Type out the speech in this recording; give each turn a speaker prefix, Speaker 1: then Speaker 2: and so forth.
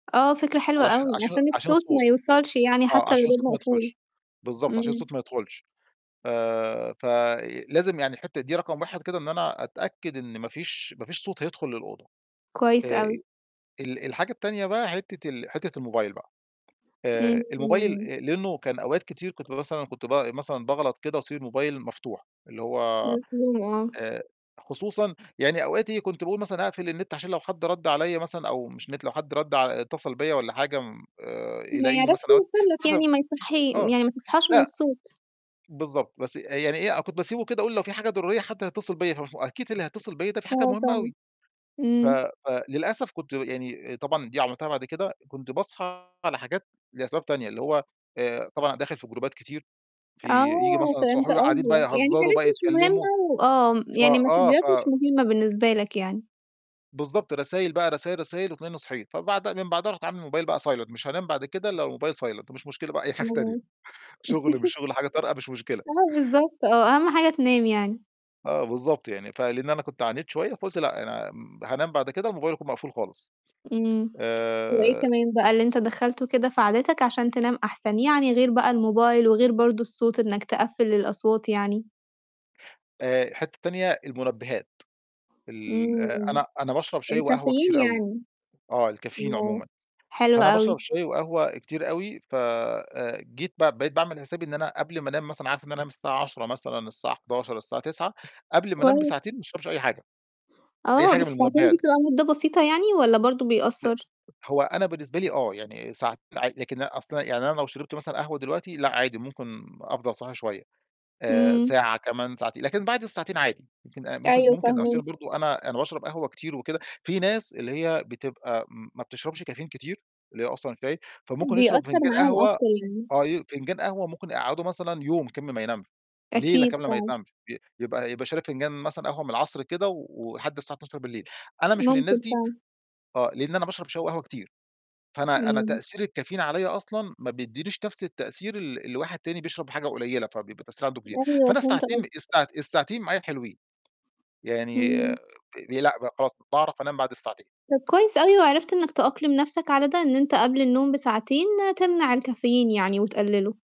Speaker 1: آه، فكرة حلوة
Speaker 2: عشا
Speaker 1: أوي،
Speaker 2: عشان
Speaker 1: عشان
Speaker 2: عشان
Speaker 1: الصوت ما
Speaker 2: الصوت.
Speaker 1: يوصلش يعني،
Speaker 2: آه،
Speaker 1: حتى لو
Speaker 2: عشان
Speaker 1: الباب
Speaker 2: الصوت ما
Speaker 1: مقفول.
Speaker 2: يدخلش. بالضبط، عشان الصوت
Speaker 1: امم.
Speaker 2: ما يدخلش. آآ، ف لازم يعني الحتة دي رقم 1 كده، إن أنا أتأكد إن ما فيش ما فيش صوت هيدخل للأوضة.
Speaker 1: كويس
Speaker 2: آآ،
Speaker 1: أوي.
Speaker 2: ال الحاجة التانية بقى حتة ال حتة الموبايل بقى، آآ، الموبايل
Speaker 1: امم.
Speaker 2: لأنه كان أوقات كتير كنت مثلًا كنت ب مثلًا باغلط كده وأسيب الموبايل مفتوح، اللي هو
Speaker 1: مفهوم آه.
Speaker 2: آآ، خصوصًا يعني أوقات إيه، كنت باقول مثلًا أقفل النت، عشان لو حد رد عليّا مثلًا، أو مش نت، لو حد رد ع اتصل بيّا والّا حاجة، آآ
Speaker 1: ما
Speaker 2: يلاقيني
Speaker 1: يعرفش
Speaker 2: مثلًا أوقات
Speaker 1: يوصل لك
Speaker 2: مثلًا
Speaker 1: يعني ما يصحي
Speaker 2: آه،
Speaker 1: يعني ما تصحاش من
Speaker 2: لأ
Speaker 1: الصوت.
Speaker 2: بالضبط، بس يعني إيه، كنت باسيبه كده أقول لو في حاجة ضرورية حد هيتصل بيّا، ف فأكيد اللي هيتصل بيّا ده في حاجة
Speaker 1: آه،
Speaker 2: مهمة
Speaker 1: فعلًا.
Speaker 2: أوي. ف
Speaker 1: امم.
Speaker 2: ف للأسف كنت يعني طبعًا دي عملتها بعد كده، كنت باصحى على حاجات لأسباب تانية، اللي هو آآ طبعًا داخل في جروبات كتير، في ييجي
Speaker 1: آه،
Speaker 2: مثلًا
Speaker 1: فهمت
Speaker 2: صحابي بقى قاعدين بقى
Speaker 1: قصدك، يعني
Speaker 2: يهزروا
Speaker 1: حاجات
Speaker 2: بقى،
Speaker 1: مش
Speaker 2: يتكلموا،
Speaker 1: مهمة وآه
Speaker 2: ف
Speaker 1: يعني
Speaker 2: آه
Speaker 1: ماسدجات
Speaker 2: ف
Speaker 1: مش مهمة بالنسبة لك يعني.
Speaker 2: بالضبط، رسايل بقى رسايل رسايل وتلاقيني صحيت فبعدها من بعدها رُحت عامل الموبايل بقى silent. مش هانام بعد كده إلا والموبايل silent، ومش مشكلة بقى أي حاجة تانية،
Speaker 1: امم.
Speaker 2: شغل مش شغل، حاجة طارئة مش مشكلة.
Speaker 1: آه، بالضبط آه، أهم حاجة تنام يعني.
Speaker 2: آه، بالضبط يعني، فلإن أنا كنت عانيت شوية فقلت لأ، أنا هانام بعد كده الموبايل يكون مقفول خالص.
Speaker 1: امم. وإيه
Speaker 2: آآ
Speaker 1: كمان بقى اللي أنت دخلته كده في عاداتك عشان تنام أحسن، يعني غير بقى الموبايل وغير برضه الصوت، إنك تقفّل الأصوات يعني؟
Speaker 2: آآ، حتة تانية المنبهات، ال آآ
Speaker 1: امم،
Speaker 2: أنا أنا باشرب شاي وقهوة
Speaker 1: الكافيين
Speaker 2: كتير آوي،
Speaker 1: يعني.
Speaker 2: آه، الكافيين
Speaker 1: آه.
Speaker 2: عمومًا.
Speaker 1: حلو
Speaker 2: فأنا
Speaker 1: أوي.
Speaker 2: باشرب شاي وقهوة كتير أوي ف آآ جيت ب بقيت باعمل حسابي إن أنا قبل ما أنام مثلًا، عارف إن هانام الساعة 22:00 مثلًا، الساعة 23:00، الساعة 21:00، قبل ما أنام
Speaker 1: كويس.
Speaker 2: بساعتين ما اشربش أي حاجة، أي
Speaker 1: آه،
Speaker 2: حاجة
Speaker 1: بس
Speaker 2: من
Speaker 1: ساعتين دي
Speaker 2: المنبهات.
Speaker 1: تبقى مدة بسيطة يعني والّا برضه
Speaker 2: لأ
Speaker 1: بيأثّر؟
Speaker 2: هو أنا بالنسبة لي، آه يعني س ع لكن أصلًا يعني، أنا لو شربت مثلًا قهوة دلوقتي، لأ عادي ممكن أفضل صاحي شوية آآ
Speaker 1: امم.
Speaker 2: ساعة كمان ساعتين، لكن بعد الساعتين عادي ممكن أ ممكن
Speaker 1: أيوه،
Speaker 2: ممكن
Speaker 1: فاهماك.
Speaker 2: [unintelligible] برضه. أنا أنا باشرب قهوة كتير وكده. في ناس اللي هي بتبقى م ما بتشربش الكافيين كتير، اللي هي أصلًا هتلاقي فممكن يشرب
Speaker 1: بيأثّر
Speaker 2: فنجان
Speaker 1: معاهم
Speaker 2: قهوة،
Speaker 1: أكتر يعني.
Speaker 2: آه ي فنجان قهوة ممكن يقعّده مثلًا يوم كامل ما ينامش، ليلة
Speaker 1: أكيد،
Speaker 2: كاملة ما
Speaker 1: فعلًا.
Speaker 2: ينامش، ي يبقى يبقى شارب فنجان مثلًا قهوة من العصر كده، و ولحد الساعة 00:00. أنا مش من الناس
Speaker 1: ممكن
Speaker 2: دي،
Speaker 1: فعلًا.
Speaker 2: آه، لأن أنا باشرب شاي وقهوة كتير، فأنا أنا
Speaker 1: امم.
Speaker 2: تأثير الكافيين عليّا أصلًا ما بيديّنيش نفس التأثير ال الواحد تاني بيشرب حاجة قليلة، فبيبقى التأثير عنده كبير.
Speaker 1: أيوه،
Speaker 2: فأنا
Speaker 1: فهمت
Speaker 2: الساعتين
Speaker 1: قصدك.
Speaker 2: الساع الساعتين معايا حلوين، يعني آآ
Speaker 1: امم.
Speaker 2: لأ خلاص، باعرف أنام بعد
Speaker 1: طَب
Speaker 2: الساعتين.
Speaker 1: كويس أوي وعرفت إنك تأقلم نفسك على ده، إن أنت قبل النوم بساعتين تمنع الكافيين يعني وتقلله.